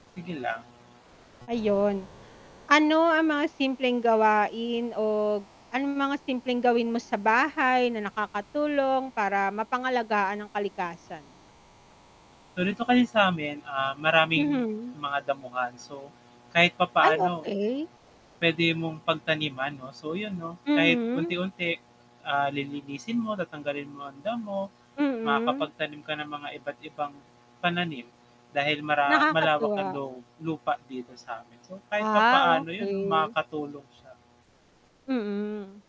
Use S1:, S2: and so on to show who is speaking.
S1: Sige lang.
S2: Ayun. Ano ang mga simpleng gawain o anong mga simpleng gawin mo sa bahay na nakakatulong para mapangalagaan ang kalikasan?
S1: So, dito kasi samin, ah, maraming
S2: Mhm.
S1: mga damuhan. So, kahit
S2: Ay,
S1: papaano,
S2: okey.
S1: pwede mong pagtaniman 'no. So yun 'no, kahit
S2: Mhm.
S1: unti-unti, ah, lilinisin mo, tatanggalin mo ang damo,
S2: Mm.
S1: makakapagtanim ka ng mga iba't-ibang pananim, dahil mara malawak ang
S2: Nakakatuwa.
S1: lu lupa dito samin. So, kahit
S2: Ah,
S1: papaano yun 'no
S2: okey.
S1: makakatulong siya.
S2: Mm.